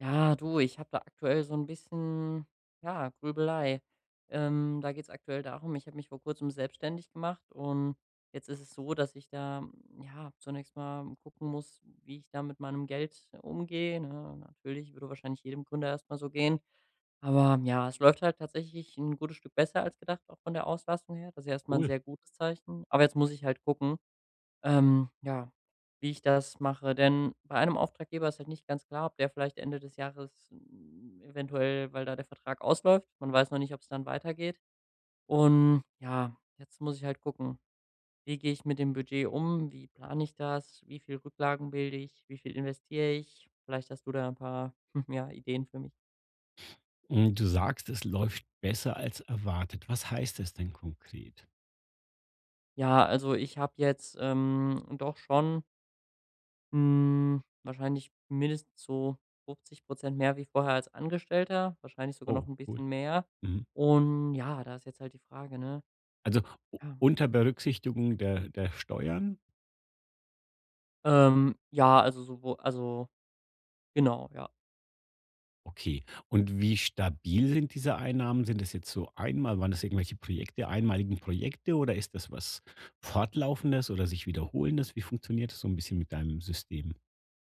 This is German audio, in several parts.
Ja, du, ich hab da aktuell so 'n bisschen, ja, Grübelei, ähm, da geht's aktuell darum: Ich hab mich vor Kurzem selbstständig gemacht und jetzt ist es so, dass ich da, ja, zunächst mal gucken muss, wie ich da mit meinem Geld umgehe, ne? Natürlich würde wahrscheinlich jedem Gründer erst mal so gehen, aber ja, es läuft halt tatsächlich ’n gutes Stück besser als gedacht, auch von der Auslastung her. Das ist ja erst mal ’n Cool. sehr gutes Zeichen. Aber jetzt muss ich halt gucken, ähm, ja, wie ich das mache. Denn bei einem Auftraggeber ist halt nicht ganz klar, ob der vielleicht Ende des Jahres eventuell weil da der Vertrag ausläuft, man weiß noch nicht, ob's dann weitergeht. Und, ja, jetzt muss ich halt gucken: „Wie gehe ich mit dem Budget um? Wie plane ich das? Wie viel Rücklagen bilde ich? Wie viel investiere ich?“ Vielleicht hast du da ’n paar ja, Ideen für mich? Hm, du sagst: „Es läuft besser als erwartet.“ Was heißt das denn konkret? Ja, also, ich hab jetzt, ähm, doch schon hm, wahrscheinlich mindestens so 50 % mehr wie vorher als Angestellter, wahrscheinlich sogar noch Oh ’n cool, bisschen mehr, mhm. und ja, da ist jetzt halt die Frage, ne? Also u Ja. unter Berücksichtigung der der Steuern? Ähm, ja also sowo also genau, ja. Okay, und wie stabil sind diese Einnahmen? Sind das jetzt so einmal waren das irgendwelche Projekte einmalige Projekte oder ist das was Fortlaufendes oder sich Wiederholendes? Wie funktioniert das so 'n bisschen mit deinem System?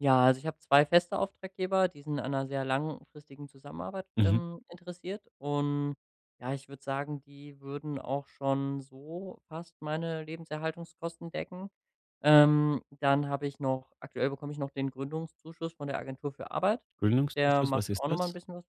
Ja, also ich hab 2 feste Auftraggeber, die sind an ’ner sehr langfristigen Zusammenarbeit, Mhm. ähm, interessiert, und ja, ich würde sagen, die würden auch schon so fast meine Lebenserhaltungskosten decken. Ähm, dann hab ich noch aktuell bekomme ich noch den Gründungszuschuss von der Agentur für Arbeit, der Gründungszuschuss, was macht ist auch noch mal ’n das? bisschen was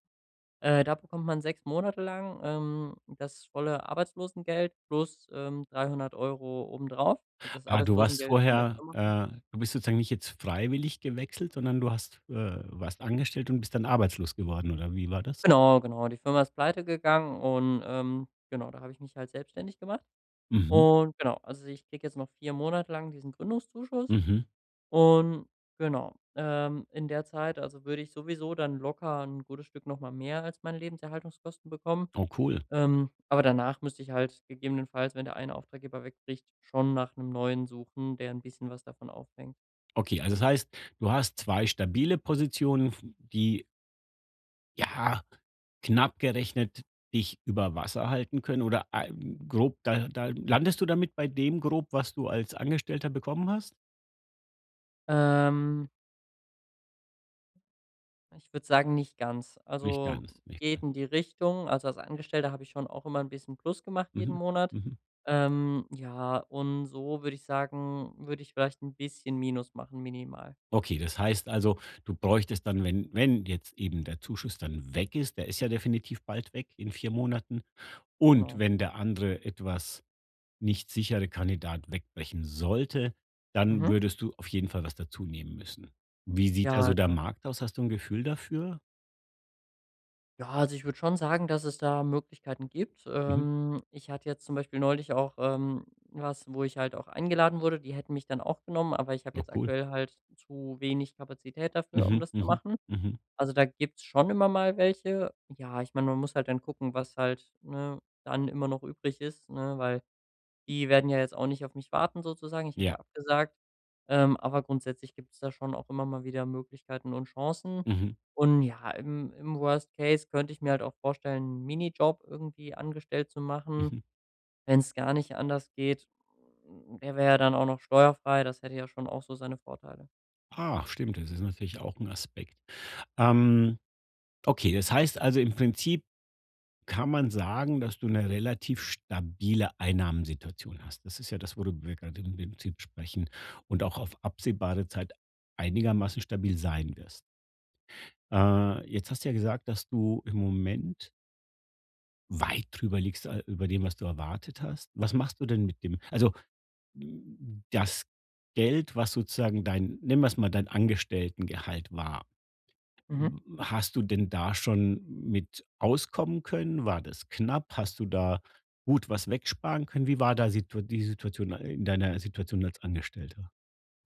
äh, da bekommt man 6 Monate lang, ähm, das volle Arbeitslosengeld plus, ähm, 300 € obendrauf, also das Ah, du warst Arbeitslosengeld von der vorher Firma äh du bist sozusagen nicht jetzt freiwillig gewechselt, sondern du hast, äh warst angestellt und bist dann arbeitslos geworden, oder wie war das? Genau, genau, die Firma ist pleite gegangen und, ähm, genau, da hab ich mich halt selbstständig gemacht Mhm. und genau. Also, ich kriege jetzt noch 4 Monate lang diesen Gründungszuschuss Mhm. und genau. Ähm, in der Zeit also würde ich sowieso dann locker ’n gutes Stück noch mal mehr als meine Lebenserhaltungskosten bekommen, Oh, cool. ähm, aber danach müsste ich halt gegebenenfalls, wenn der eine Auftraggeber wegbricht, schon nach ’nem Neuen suchen, der ’n bisschen was davon aufhängt. Okay, also das heißt, du hast 2 stabile Positionen, f die Ja knapp gerechnet dich über Wasser halten können oder, ah grob da da landest du damit bei dem Grob, was du als Angestellter bekommen hast? Ähm. Ich würd sagen, nicht ganz. Nicht Also, ganz, nicht geht in die Richtung. Also, als Angestellter hab ich schon auch immer 'n bisschen Plus gemacht, jeden Mhm. Monat. Mhm. Ähm, ja, und so würd ich sagen, würd ich vielleicht 'n bisschen Minus machen, minimal. Okay, das heißt also, du bräuchtest dann, wenn wenn jetzt eben der Zuschuss dann weg ist der ist ja definitiv bald weg, in 4 Monaten, und Genau. wenn der andere etwas nicht sichere Kandidat wegbrechen sollte, dann Mhm. würdest du auf jeden Fall was dazunehmen müssen. Wie sieht da Ja, so der genau. Markt aus? Hast du 'n Gefühl dafür? Ja, also ich würde schon sagen, dass es da Möglichkeiten gibt. Mhm. Ähm, ich hatte jetzt zum Beispiel neulich auch, ähm, was, wo ich halt auch eingeladen wurde. Die hätten mich dann auch genommen, aber ich hab Oh, jetzt cool. aktuell halt zu wenig Kapazität dafür, um Mhm. das zu Mhm. machen. Mhm. Also, da gibt's schon immer mal welche. Ja, ich mein, man muss halt dann gucken, was halt, ne, dann immer noch übrig ist, ne, weil die werden ja jetzt auch nicht auf mich warten, sozusagen. Ich hab Ja. ja abgesagt, ähm, aber grundsätzlich gibt's da schon auch immer mal wieder Möglichkeiten und Chancen. Mhm. Und ja, im im Worst Case könnt ich mir halt auch vorstellen, 'n Minijob irgendwie angestellt zu machen, Mhm. wenn's gar nicht anders geht. Äh, er wär ja dann auch noch steuerfrei, das hätte ja schon auch so seine Vorteile. Ah, stimmt, das ist natürlich auch 'n Aspekt. Ähm, okay, das heißt also im Prinzip kann man sagen, dass du 'ne relativ stabile Einnahmensituation hast. Das ist ja das, wo du wo wir gerade im Prinzip sprechen und auch auf absehbare Zeit einigermaßen stabil sein wirst. Äh, jetzt hast du ja gesagt, dass du im Moment weit drüber liegst, äh, über dem, was du erwartet hast. Was machst du denn mit dem also das Geld, was sozusagen dein nennen wir es mal dein Angestelltengehalt war? Mhm. W hast du denn da schon mit auskommen können? War das knapp? Hast du da gut was wegsparen können? Wie war da Situa die Situation a in deiner Situation als Angestellter?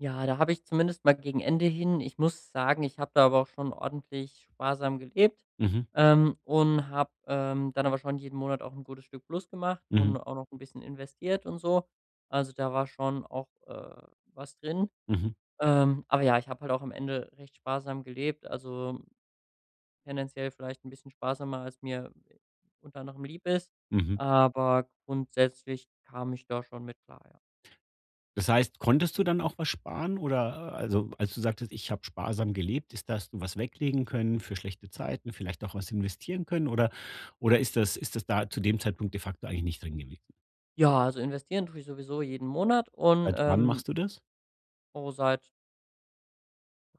Ja, da habe ich zumindest mal gegen Ende hin ich muss sagen, ich habe da aber auch schon ordentlich sparsam gelebt, Mhm. ähm, und habe, ähm, dann aber schon jeden Monat auch 'n gutes Stück Plus gemacht und Mhm. auch noch 'n bisschen investiert und so. Also, da war schon auch, äh, was drin. Mhm. Ähm, aber ja, ich hab halt auch am Ende recht sparsam gelebt, also tendenziell vielleicht 'n bisschen sparsamer, als mir unter anderem lieb ist, Mhm. aber grundsätzlich kam ich da schon mit klar, ja. Das heißt, konntest du dann auch was sparen, oder also als du sagtest: „Ich hab sparsam gelebt“, ist dass du was weglegen können für schlechte Zeiten, vielleicht auch was investieren können oder oder ist das ist das da zu dem Zeitpunkt de facto eigentlich nicht drin gewes Ja, also investieren tue ich sowieso jeden Monat und, Seit wann ähm machst du das? Oh, seit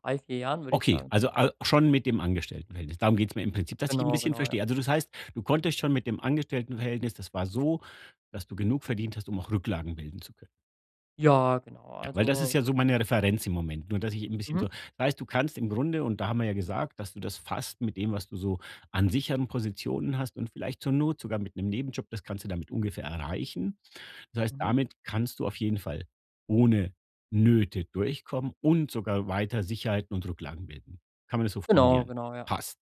3, 4 Jahren würde ich Okay, sagen also al [unintelligible] schon mit dem Angestelltenverhältnis. Darum geht's mir im Prinzip, dass ich 'n Genau, bisschen genau, ja. verstehe. Also das heißt, du konntest schon mit dem Angestelltenverhältnis das war so, dass du genug verdient hast, um auch Rücklagen bilden zu können. Ja, genau, Ja, weil das ist also ja so meine Referenz im Moment, nur dass ich 'n bisschen Mhm. so heißt, du kannst im Grunde und da haben wir ja gesagt, dass du das fast mit dem, was du so an sicheren Positionen hast, und vielleicht zur Not sogar mit 'nem Nebenjob, das kannst du damit ungefähr erreichen. Das heißt, Mhm. damit kannst du auf jeden Fall ohne Nöte durchkommen und sogar weiter Sicherheiten und Rücklagen bilden. Kann man das so Genau, formulieren? genau, ja. Passt.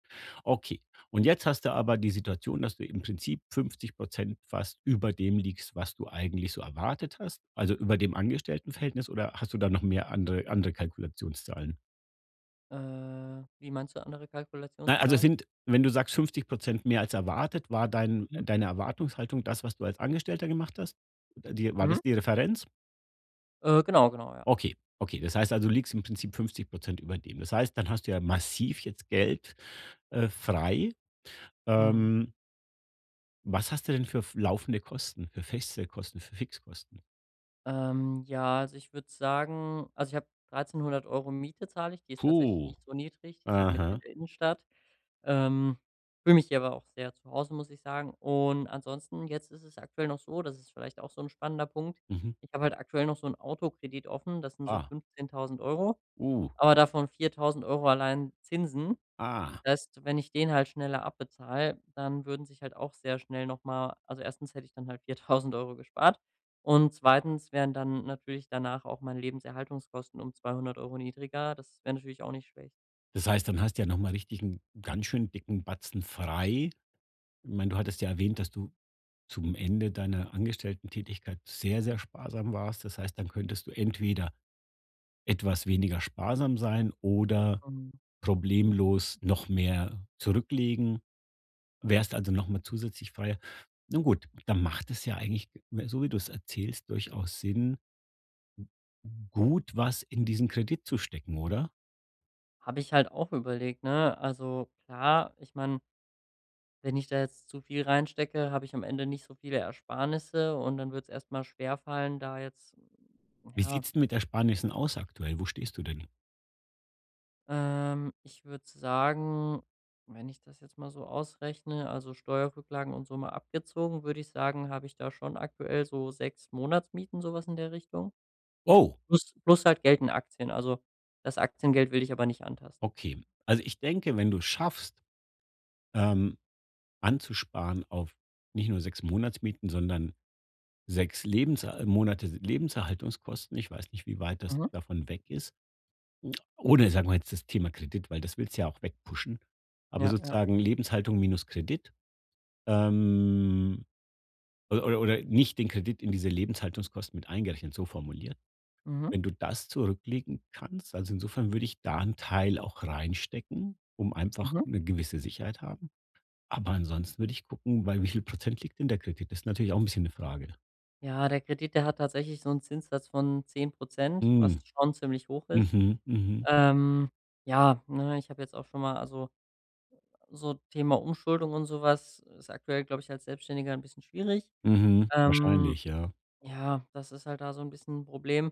Okay, und jetzt hast du aber die Situation, dass du im Prinzip 50% fast über dem liegst, was du eigentlich so erwartet hast. Also, über dem Angestelltenverhältnis oder hast du da noch mehr andere andere Kalkulationszahlen? Äh, wie meinst du „andere Na, also Kalkulationszahlen“? sind wenn du sagst 50 % mehr als erwartet, war dein Mhm. deine Erwartungshaltung das, was du als Angestellter gemacht hast? Die war Mhm. das die Referenz? Äh, genau, genau, ja. Okay, okay, das heißt also, du liegst im Prinzip 50 % über dem. Das heißt, dann hast du ja massiv jetzt Geld, äh, frei. Mhm. Ähm Was hast du denn für f laufende Kosten, für feste Kosten, für Fixkosten? Ähm, ja, also ich würd sagen also ich habe 1.300 € Miete zahle ich. Die ist tatsächlich Puh. nicht so niedrig, die ist halt mitten in Aha. der Innenstadt. Ähm. Fühle mich hier aber auch sehr zu Hause, muss ich sagen. Und ansonsten jetzt ist es aktuell noch so, das ist vielleicht auch so 'n spannender Punkt: Mhm. Ich habe halt aktuell noch so 'n Autokredit offen, das sind so Ah. 15.000 €, Uh. aber davon 4000 € allein Zinsen. Ah. Das heißt, wenn ich den halt schneller abbezahle, dann würden sich halt auch sehr schnell noch mal also 1. hätte ich dann halt 4000 € gespart und 2. wären dann natürlich danach auch meine Lebenserhaltungskosten um 200 € niedriger. Das wär natürlich auch nicht schlecht. Das heißt, dann hast du ja noch mal richtig 'n ganz schönen dicken Batzen frei. Mein, du hattest ja erwähnt, dass du zum Ende deiner Angestelltentätigkeit sehr, sehr sparsam warst. Das heißt, dann könntest du entweder etwas weniger sparsam sein oder Mhm. problemlos noch mehr zurücklegen. Wärst also noch mal zusätzlich freier. Nun gut, dann macht es ja eigentlich, m so wie du es erzählst, durchaus Sinn, gut was in diesen Kredit zu stecken, oder? Hab ich halt auch überlegt, ne? Also klar, ich mein wenn ich da jetzt zu viel reinstecke, hab ich am Ende nicht so viele Ersparnisse und dann wird's erst mal schwerfallen, da jetzt, Wie ja sieht's denn mit den Ersparnissen aus aktuell? Wo stehst du denn? Ähm, ich würde sagen wenn ich das jetzt mal so ausrechne, also Steuerrücklagen und so mal abgezogen, würde ich sagen, hab ich da schon aktuell so 6 Monatsmieten, so was in der Richtung. Oh. Plus plus halt Geld in Aktien, also das Aktiengeld will ich aber nicht antasten. Okay. Also, ich denke, wenn du es schaffst ähm, anzusparen auf nicht nur 6 Monatsmieten, sondern 6 Lebenser Monate se Lebenserhaltungskosten- ich weiß nicht, wie weit das Mhm. davon weg ist- oder sagen wir jetzt das Thema Kredit, weil das willst du ja auch wegpushen, aber Ja, ja. sozusagen Lebenshaltung minus Kredit, ähm, oder oder nicht den Kredit in diese Lebenshaltungskosten mit eingerechnet, so formuliert. Mhm. Wenn du das zurücklegen kannst, also insofern würde ich da 'n Teil auch reinstecken, um einfach Mhm. 'ne gewisse Sicherheit haben, aber ansonsten würde ich gucken, bei wie viel Prozent liegt denn der Kredit? Das ist natürlich auch 'n bisschen 'ne Frage. Ja, der Kredit, der hat tatsächlich so 'n Zinssatz von 10 %, was Mm. schon ziemlich hoch ist. Mhm. Mhm. Ähm, ja, ne, ich hab jetzt auch schon mal also so Thema Umschuldung und so was ist aktuell, glaub ich, als Selbstständiger 'n bisschen schwierig. Mhm. Wahrscheinlich, Ähm, ja. ja, das ist halt da so 'n bisschen 'n Problem.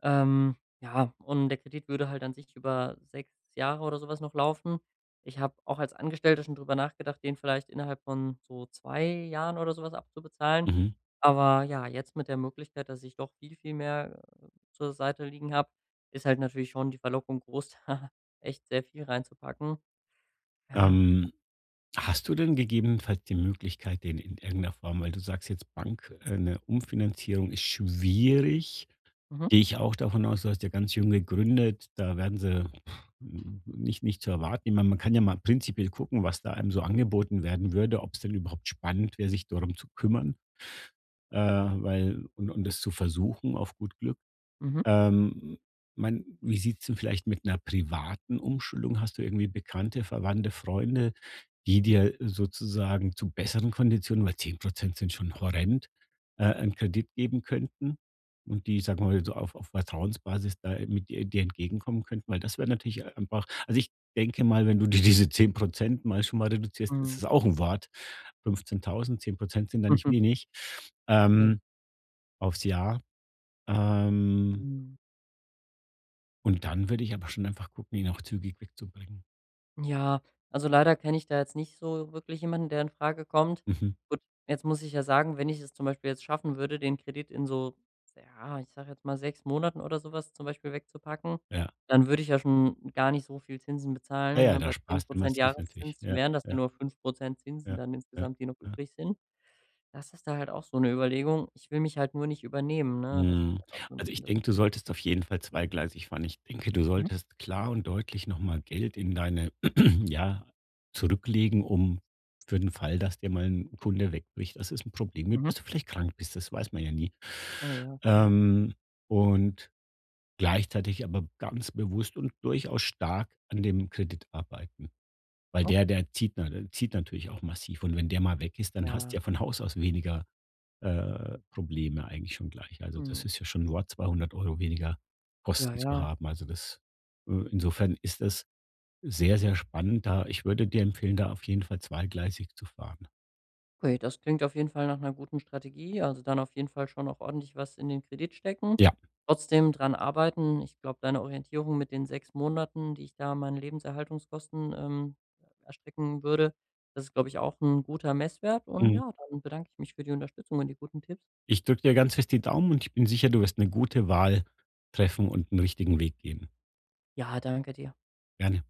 Ähm, ja, und der Kredit würde halt an sich über 6 Jahre oder so was noch laufen. Ich hab auch als Angestellter schon drüber nachgedacht, den vielleicht innerhalb von so 2 Jahren oder so was abzubezahlen. Mhm. Aber, ja, jetzt mit der Möglichkeit, dass ich doch viel, viel mehr zur Seite liegen hab, ist halt natürlich schon die Verlockung groß, echt sehr viel reinzupacken. Ja. Ähm. Hast du denn gegebenenfalls die Möglichkeit, den in irgend 'ner Form weil du sagst jetzt Bank, äh, 'ne Umfinanzierung ist schwierig. Mhm. Geh ich ja auch davon aus, du hast ja ganz jung gegründet, da werden sie, puh, nich nicht zu erwarten ich mein, man kann ja mal prinzipiell gucken, was da einem so angeboten werden würde, ob 's denn überhaupt spannend wäre, sich darum zu kümmern, äh, weil und und das zu versuchen, auf gut Glück. Mhm. Ähm, m mein, wie sieht's denn vielleicht mit 'ner privaten Umschuldung hast du irgendwie Bekannte, Verwandte, Freunde, die dir sozusagen zu besseren Konditionen weil 10% sind schon horrend, äh, 'nen Kredit geben könnten und die, sagen wir mal, so auf auf Vertrauensbasis da, äh, mit dir dir entgegenkommen könnten? Weil das wäre natürlich einfach also ich denke mal, wenn du dir diese 10% mal schon mal reduzierst, ist Mhm. das auch 'n Wort. 15.000, 10% sind da nicht Mhm. wenig. [unintelligible] Ähm. Auf's Jahr. Ähm Mhm. Und dann würde ich aber schon einfach gucken, ihn auch zügig wegzubringen. Ja, also leider kenne ich da jetzt nicht so wirklich jemanden, der infrage kommt. Mhm. Gut, jetzt muss ich ja sagen, wenn ich es zum Beispiel jetzt schaffen würde, den Kredit in so, s ja, ich sage jetzt mal, 6 Monaten oder so was zum Beispiel wegzupacken, Ja. dann würde ich ja schon gar nicht so viel Zinsen Ah bezahlen, ja, ne? da Bei 10 sparst du Prozent massiv wirklich. Jahreszins Ja, wären das ja ja. nur 5 Prozent Zinsen Ja. dann Ja. insgesamt, die noch Ja. übrig sind. Das ist da halt auch so 'ne Überlegung. Ich will mich halt nur nicht übernehmen, ne? Das Mhm. ist halt auch so 'n Also, ich bisschen das denke, du solltest auf jeden Fall zweigleisig fahren. Ich denke, du Mhm. solltest klar und deutlich noch mal Geld in deine ja, zurücklegen, um für den Fall, dass dir mal 'n Kunde wegbricht. Das ist 'n Problem, [unintelligible] Mhm. dass du vielleicht krank bist. Das weiß man ja nie. Oh, ja. Mhm. Ähm, und gleichzeitig aber ganz bewusst und durchaus stark an dem Kredit arbeiten. Weil der Okay. der zieht na zieht natürlich auch massiv und wenn der mal weg ist, dann hast Ja. ja von Haus aus weniger, äh, Probleme eigentlich schon gleich. Also, das Mhm. ist ja schon 'n Wort 200 € weniger Ja, Kosten zu ja. haben. Also das Äh, insofern ist das sehr, sehr spannend da ich würde dir empfehlen, da auf jeden Fall zweigleisig zu fahren. Okay, das klingt auf jeden Fall nach 'ner guten Strategie, also dann auf jeden Fall schon auch ordentlich was in den Kredit stecken. Ja. Trotzdem dran arbeiten. Ich glaube, deine Orientierung mit den 6 Monaten, die ich da meinen Lebenserhaltungskosten, ähm, erstrecken würde, das ist, glaub ich, auch 'n guter Messwert und Mhm. ja, dann bedanke ich mich für die Unterstützung und die guten Tipps. Ich drücke dir ganz fest die Daumen und ich bin sicher, du wirst 'ne gute Wahl treffen und 'n richtigen Weg gehen. Ja, danke dir. Gerne.